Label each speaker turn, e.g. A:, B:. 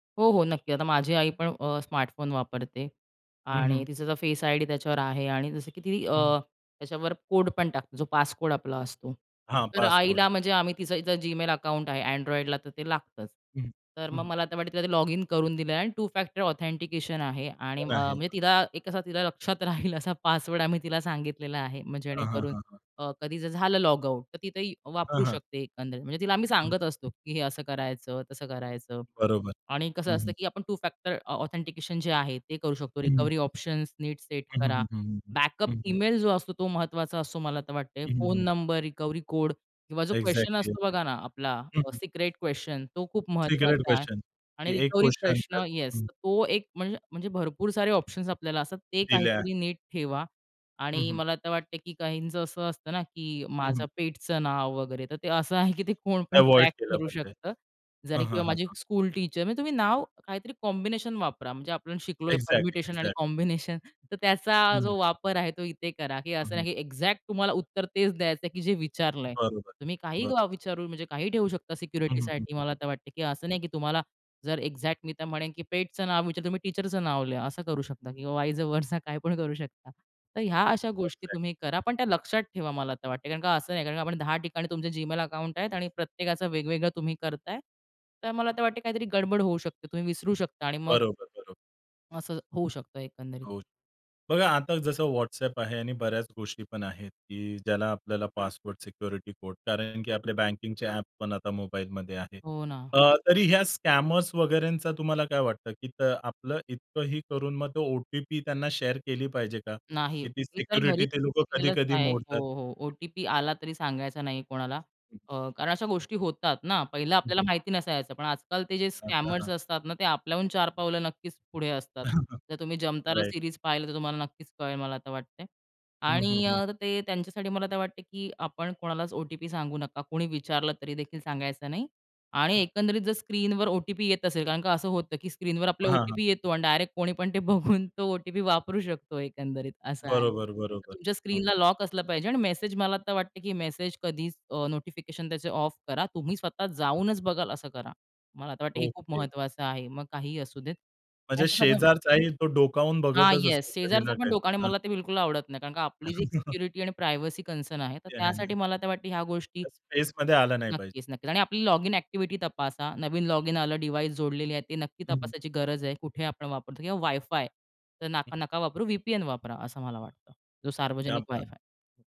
A: हो, हो, नक्कीच. आता माझी आई पण अ, स्मार्टफोन वापरते
B: हं,
A: आणि
B: हं.
A: तिचा जो फेस आयडी त्याच्यावर आहे आणि जसं की ती अ,
B: हं.
A: त्याच्यावर कोड पण टाकतो जो पासकोड आपला असतो.
B: हां,
A: तर
B: पासकोड.
A: आईला म्हणजे आम्ही तिचं Gmail अकाउंट आहे. Androidला तर ते लागतंच.
B: हं.
A: तर मग
B: हं.
A: मला आता वाटेल तिला ते लॉगिन करून दिलेलंय आणि टु फॅक्टर ऑथेंटिकेशन आहे
B: ते
A: आणि अ,
B: पण आहे.
A: म्हणजे
B: हां.
A: तिला एक असा तिला लक्षात राहील असा पासवर्ड आम्ही तिला सांगितलेला आहे.
B: हां, हां,
A: जेणेकरून
B: हां, हां.
A: अ, कधी जर झालं लॉगआउट तर ती ते
B: हां,
A: वापरू
B: हां.
A: शकते एकंदरीत. म्हणजे तिला आम्ही
B: हं.
A: सांगत असतो, की हे असं करायचं तसं करायचं.
B: बरोबर.
A: आणि कसं
B: हं,
A: असतं
B: हं.
A: की आपण टू फॅक्टर ऑथेंटिकेशन जे आहे ते करू शकतो.
B: हं, हं.
A: रिकव्हरी ऑप्शन्स नीट सेट
B: हं,
A: करा.
B: हं, हं, हं.
A: बॅकअप
B: हं, हं.
A: ईमेल जो असतो तो महत्त्वाचा असतो मला तर वाटतंय.
B: हं, हं,
A: फोन
B: हं.
A: नंबर, रिकव्हरी कोड किंवा जो क्वेस्चन
B: एक्झॅक्टली.
A: असतो बघा ना आपला
B: हं, हं.
A: सिक्रेट क्वेस्चन तो खूप
B: सिक्रेट
A: महत्त्वाचा आहे.
B: क्वेस्चन
A: आणि
B: की एक
A: रिकव्हरी
B: क्वेस्चन त्या
A: प्रश्न येस,
B: हं.
A: तो एक म्हणज म्हणजे भरपूर सारे ऑप्शन्स आपल्याला असतात ते
B: दिल्या.
A: काहीतरी नीट ठेवा
B: हं,
A: आणि
B: हं.
A: मला आता वाटतंय की काहींचं असं असतं ना, की
B: हं, हं.
A: माझं पेटचं नाव वगैरे तर ते असं आहे की ते कोण पण
B: अव्हॉइड
A: ट्रॅक
B: केलं
A: करू
B: पाहिजे.
A: शकतं. जरी
B: हां, हां,
A: किंवा
B: हां,
A: माझी
B: हां.
A: स्कूल टीचर म्हणजे तुम्ही नाव काहीतरी कॉम्बिनेशन वापरा म्हणजे आपण शिकलोय
B: एक्झॅक्टली,
A: परम्युटेशन आणि
B: एक्झॅक्टली.
A: कॉम्बिनेशन तर
B: हं,
A: त्याचा
B: हं.
A: जो वापर आहे, तो इथे करा. की
B: हं,
A: असं
B: हं.
A: नाही की एक्झॅक्ट तुम्हाला उत्तर तेच द्यायचंय की जे विचारलंय.
B: बरोबर,
A: तुम्ही काही
B: बरोबर.
A: विचारू म्हणजे काही ठेवू शकता
B: हं, हं,
A: सिक्युरिटीसाठी.
B: हं,
A: मला
B: हं.
A: आता वाटतंय की असं नाही की तुम्हाला जर एक्झॅक्ट मी तर म्हणेन की पेटचं नाव विचार तुम्ही टीचरचं नाव लिहा असं करू शकता किंवा वाइज व्हरसा काय पण करू शकता. तर ह्या अशा गोष्टी
B: एक्झॅक्टली.
A: तुम्ही करा, पण त्या लक्षात ठेवा मला आता वाटतंय. कारण का असं नाही कारण आपण 10 ठिकाणी तुमचे Gmail अकाउंट आहेत आणि प्रत्येकाचं वेगवेगळं तुम्ही करताय. तर मला आता वाटतंय काहीतरी गडबड होऊ शकते, तुम्ही विसरू शकता आणि मग
B: बरोबर, बरोबर.
A: असं होऊ शकतं एकंदरीत.
B: हो. बघा, आता जसं WhatsApp आहे आणि बऱ्याच गोष्टी पण आहेत की ज्याला आपल्याला पासवर्ड, सिक्युरिटी कोड. कारण की आपल्या बँकिंगचे ॲप पण आता मोबाईलमध्ये आहेत.
A: हो ना.
B: अ, तरी या स्कॅमर्स वगैरेंचा तुम्हाला काय वाटतं, की तर आपलं इतकंही करून मग तो ओ-टी-पी त्यांना शेअर केली पाहिजे का?
A: नाही.
B: की ती
A: मी तर घरी
B: सिक्युरिटी ते लोकं
A: सांगितलेलंच
B: कधी-कधी
A: आहे हो,
B: मोडतात.
A: हो. ओ-टी-पी आला तरी सांगायचा नाही कोणाला अ, कारण अशा गोष्टी होतात ना पहिलं
B: हं,
A: आपल्याला
B: हं.
A: माहिती नसायचं. पण आजकाल ते जे
B: आता
A: स्कॅमर्स
B: हां.
A: असतात ना, ते आपल्याहून चार पावलं नक्कीच पुढे असतात. जर तुम्ही जमतारा
B: राइट.
A: सीरीज पाहिलं तर तुम्हाला नक्कीच कळेल मला आता वाटतंय.
B: हं,
A: आणि
B: हं, हं.
A: अ, ते त्यांच्यासाठी मला ते वाटतं की आपण कोणालाच ओ-टी-पी सांगू नका. कुणी विचारलं तरी देखील सांगायचं नाही. आणि
B: हं.
A: एकंदरीत जर स्क्रीनवर ओ-टी-पी येत असेल कारण का असं होतं की स्क्रीनवर आपल्याला
B: हां, हां.
A: ओ-टी-पी येतो आणि डायरेक्ट कोणी पण ते बघून तो ओ-टी-पी वापरू शकतो. एकंदरीत असं आहे.
B: बरोबर, बरोबर.
A: तुमच्या
B: हं,
A: स्क्रीनला
B: हं.
A: लॉक असलं पाहिजे आणि मेसेज मला आता वाटतं, की मेसेज कधीच अ, नोटिफिकेशन त्याचे ऑफ करा. तुम्ही स्वतः जाऊनच बघाल असं करा. मला आता वाटतंय हे खूप
B: ओके.
A: महत्त्वाचं आहे. मग काहीही असू देत,
B: म्हणजे
A: त्यांचं सगळं
B: शेजारचाही तो डोकावून
A: हां.
B: बघतच असतो
A: येस,
B: कधी
A: शेजारचा
B: ना
A: पण डोका
B: कधी.
A: आणि
B: हां?
A: मला ते बिलकुल आवडत नाही. कारण आपली जी एक सिक्युरिटी आणि प्रायव्हसी कन्सर्न आहे तर
B: ते आहे
A: त्यासाठी
B: ना.
A: मला वाटतं ह्या गोष्टी
B: त्या स्पेसमध्ये आलं नाही पाहिजे.
A: नक्कीच, नक्कीच. आणि आपली लॉगिन ॲक्टिव्हिटी तपासा. नवीन लॉगिन आलं, डिव्हाइस जोडलेली आहे ती नक्की
B: हं, हं.
A: तपासायची गरज आहे. कुठे आपण वापरतो किंवा वाय-फाय तर
B: हं.
A: नका नका वापरू. वी-पी-एन वापरा. असं मला वाटतं. जो
B: क्या
A: सार्वजनिक
B: बात है!
A: वाय-फाय